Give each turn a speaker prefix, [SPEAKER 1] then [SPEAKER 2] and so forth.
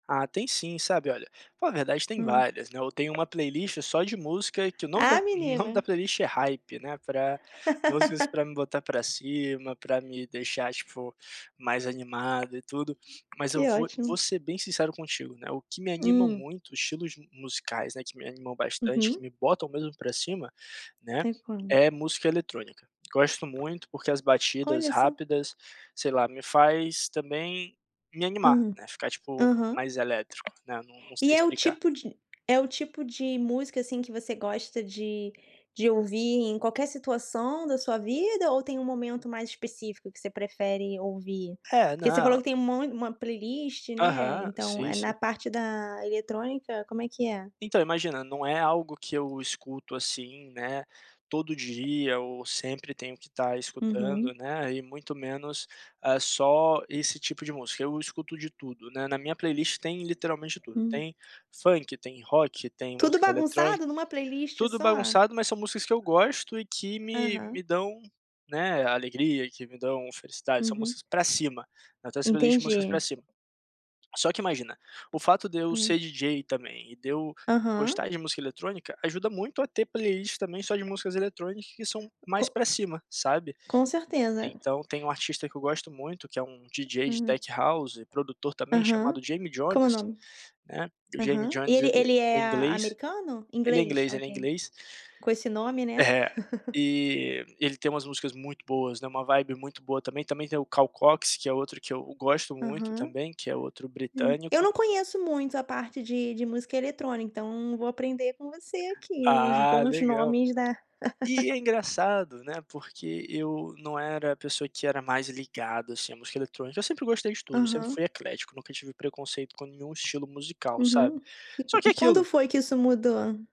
[SPEAKER 1] Ah, tem sim, sabe. Olha, pô, a verdade tem
[SPEAKER 2] Hum.
[SPEAKER 1] várias, né, eu tenho uma playlist só de música que o nome da
[SPEAKER 2] Ah
[SPEAKER 1] o nome
[SPEAKER 2] menina
[SPEAKER 1] da playlist é Hype, né, pra músicas para me botar para cima, para me deixar, tipo, mais animado e tudo. Mas eu
[SPEAKER 2] Que
[SPEAKER 1] vou
[SPEAKER 2] ótimo.
[SPEAKER 1] vou ser bem sincero contigo, né, o que me anima
[SPEAKER 2] Hum.
[SPEAKER 1] muito estilos de musicais, né, que me animam bastante,
[SPEAKER 2] Uhum.
[SPEAKER 1] que me botam mesmo para cima, né,
[SPEAKER 2] Teclando.
[SPEAKER 1] é música eletrônica. Gosto muito, porque as batidas
[SPEAKER 2] Olha só.
[SPEAKER 1] rápidas, sei lá, me faz também me animar,
[SPEAKER 2] Hum.
[SPEAKER 1] né, ficar, tipo,
[SPEAKER 2] Aham.
[SPEAKER 1] mais elétrico, né. Não não sei
[SPEAKER 2] E é o
[SPEAKER 1] explicar.
[SPEAKER 2] tipo de é o tipo de música, assim, que você gosta de de ouvir em qualquer situação da sua vida ou tem um momento mais específico que você prefere ouvir?
[SPEAKER 1] É,
[SPEAKER 2] Porque você falou
[SPEAKER 1] não
[SPEAKER 2] que tem um mon uma playlist, né,
[SPEAKER 1] Aham,
[SPEAKER 2] então,
[SPEAKER 1] sim,
[SPEAKER 2] eh, na
[SPEAKER 1] sim.
[SPEAKER 2] parte da eletrônica como é que é?
[SPEAKER 1] Então, imagina, não é algo que eu escuto, assim, né, todo dia ou sempre tenho que estar
[SPEAKER 2] Uhum.
[SPEAKER 1] escutando, né, e muito menos, ah, só esse tipo de música. Eu escuto de tudo, né, na minha playlist tem literalmente tudo,
[SPEAKER 2] Hum.
[SPEAKER 1] tem funk, tem rock, tem
[SPEAKER 2] Tudo
[SPEAKER 1] música
[SPEAKER 2] bagunçado
[SPEAKER 1] eletrônica,
[SPEAKER 2] numa playlist
[SPEAKER 1] tudo
[SPEAKER 2] só?
[SPEAKER 1] bagunçado, mas são músicas que eu gosto e que me
[SPEAKER 2] Aham.
[SPEAKER 1] me dão, né, alegria, que me dão felicidade, são
[SPEAKER 2] Uhum.
[SPEAKER 1] músicas para cima, eu tenho essa playlist de músicas para
[SPEAKER 2] Entendi.
[SPEAKER 1] cima. Só que imagina, o fato de eu
[SPEAKER 2] Hum.
[SPEAKER 1] ser DJ também, e de eu
[SPEAKER 2] Aham.
[SPEAKER 1] gostar de música eletrônica ajuda muito a ter playlists também só de músicas eletrônicas que são
[SPEAKER 2] Co
[SPEAKER 1] mais para cima, sabe?
[SPEAKER 2] com certeza.
[SPEAKER 1] Então tem um artista que eu gosto muito que é um DJ de
[SPEAKER 2] Uhum.
[SPEAKER 1] tech house e produtor também,
[SPEAKER 2] Aham.
[SPEAKER 1] chamado Jamie
[SPEAKER 2] Como o
[SPEAKER 1] Jones,
[SPEAKER 2] nome?
[SPEAKER 1] né, o Jamie
[SPEAKER 2] Aham. E
[SPEAKER 1] Jones
[SPEAKER 2] ele
[SPEAKER 1] ele
[SPEAKER 2] ele
[SPEAKER 1] é
[SPEAKER 2] é a
[SPEAKER 1] inglês
[SPEAKER 2] americano?
[SPEAKER 1] ele é
[SPEAKER 2] Inglês?
[SPEAKER 1] inglês ele é
[SPEAKER 2] Ok.
[SPEAKER 1] inglês.
[SPEAKER 2] Com esse nome, né.
[SPEAKER 1] É. E ele tem umas músicas muito boas, né, uma vibe muito boa também. Também tem o Calcox, que é outro que eu gosto muito
[SPEAKER 2] Aham.
[SPEAKER 1] também, que é outro
[SPEAKER 2] Hum, eu
[SPEAKER 1] britânico.
[SPEAKER 2] não conheço muito a parte de de música eletrônica. Então vou aprender com você aqui os
[SPEAKER 1] Ah,
[SPEAKER 2] bons
[SPEAKER 1] legal.
[SPEAKER 2] nomes, né.
[SPEAKER 1] E é engraçado, né, porque eu não era a pessoa que era mais ligada, assim, à música eletrônica, eu sempre gostei de tudo, sempre
[SPEAKER 2] Aham.
[SPEAKER 1] fui eclético, nunca tive preconceito com nenhum estilo musical,
[SPEAKER 2] Uhum.
[SPEAKER 1] sabe, só que
[SPEAKER 2] E e
[SPEAKER 1] é
[SPEAKER 2] quando
[SPEAKER 1] aquilo
[SPEAKER 2] foi que isso mudou?